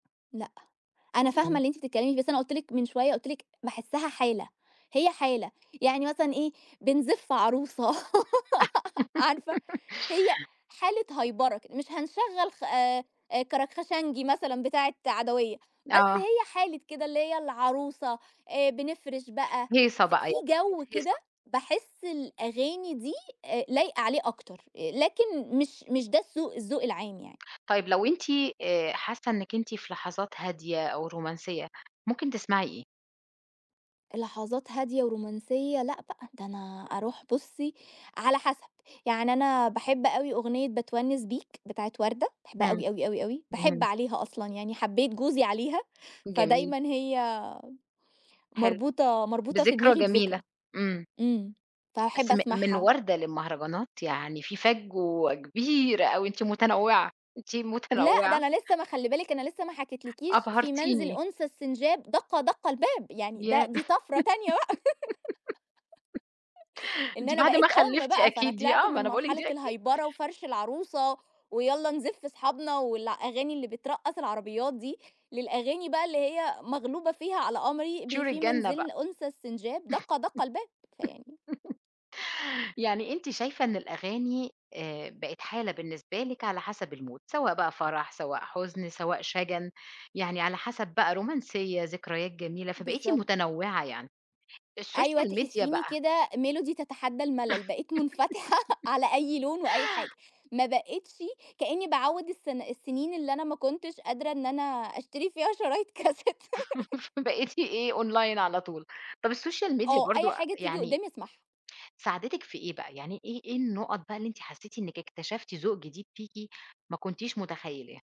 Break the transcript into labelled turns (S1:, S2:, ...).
S1: لأ. أنا فاهمة
S2: إمم.
S1: اللي أنتِ بتتكلمي ف بس أنا قُلت لِك من شوية، قُلت لِك باحسها حالة، هي حالة، يعني مثلًا إيه، بنزِف عروسة عارفة هي حالة هيبرة ك مش هنشغَّل خ آآ، كَركْخَشنجي مثلًا بتاعة عدويّة، بس
S2: آه.
S1: هي حالة كده، اللي هي العروسة، آآ بنفرِش بقى.
S2: هيصة
S1: ف
S2: بقى
S1: في
S2: [unintelligible] بقِت
S1: جو كده،
S2: هيصة.
S1: باحس الأغاني دي أ لايقة عليه أكتر، لكن مش مش ده السّوق الذّوق العام يعني.
S2: طيب لو أنتِ آآ حاسة إنِّك أنتِ في لحظات هادية أو رومانسية، ممكن تسمعي إيه؟
S1: لحظات هادية ورومانسية. لأ بقى، ده أنا أروح بُصي، على حسب، يعني أنا باحب أوي أغنية باتونِّس بيك، بتاعة وردة، باحبها
S2: همم.
S1: أوي، أوي، أوي، أوي، باحب
S2: اهم.
S1: عليها أصلًا، يعني حبيت جوزي عليها،
S2: جميل.
S1: فدايمًا هي
S2: حلو.
S1: مربوطة مربوطة في
S2: بذكرى
S1: دماغي
S2: جميلة.
S1: بذكرى.
S2: إمم.
S1: إمم،
S2: بس
S1: فهاحب
S2: م من
S1: أسمعها.
S2: وردة للمهرجانات؟ يعني في فجوة كبيرة أوي. أنتِ متنوعة، أنتِ
S1: لأ، ده
S2: متنوعة.
S1: أنا لسه ما خلّي بالِك، أنا لسّه ما حكيتلكيش، "في منزل
S2: أبهرتيني.
S1: أنثى السنجاب، دقّ دقّ الباب." يعني ده
S2: ياه!
S1: دي طفرة تانية بقى. إن
S2: دي
S1: أنا
S2: بعد ما
S1: بقيت أُم
S2: خلِّفتِ
S1: بقى، فأنا
S2: أكيد دي
S1: طِلِعت
S2: آه،
S1: من
S2: أنا باقول لكِ
S1: مرحلة
S2: دي أكيد.
S1: الهيبرة وفَرْش العروسة، ويالَّا نزِف أصحابنا والأغاني اللي بترقَّص العربيات دي، للأغاني بقى اللي هي، مغلوبة فيها على أمري ب
S2: طيور
S1: "في
S2: الجنة بقى.
S1: منزل أنثى السنجاب، دقَّ دقَّ الباب." فيعني
S2: يعني أنتِ شايفة إن الأغاني، آآ، بقت حالة بالنسبة لِك على حسب المود، سواء بقى فرَح، سواء حُزن، سواء شَجَن، يعني على حسب بقى، رومانسية، ذكريات جميلة، فبقيتِ
S1: بالضبط.
S2: متنوِّعة، يعني
S1: أيوة
S2: السوشيال ميديا
S1: تحسّيني
S2: بقى
S1: كده، "ميلودي تتحدّى الملل." بقيت منفتحة على أي لون وأي حاجة، ما بقيتشِ كأني باعوِّد الس السنين اللي أنا ما كنتش قادرة إن أنا أشتري فيها شرايط كاسيت.
S2: بقيتِ إيه، أونلاين على طول. طب السوشيال ميديا
S1: آه، أي
S2: برضه أ
S1: حاجة تيجي
S2: يعني
S1: قدامي أسمعها.
S2: ساعدِتِك في إيه بقى؟ يعني إيه إيه النُّقط بقى، اللي أنتِ حسّيتِ إنِّك اكتشفتِ ذوق جديد فيكِ، ما كنتيش متخيِّلاه؟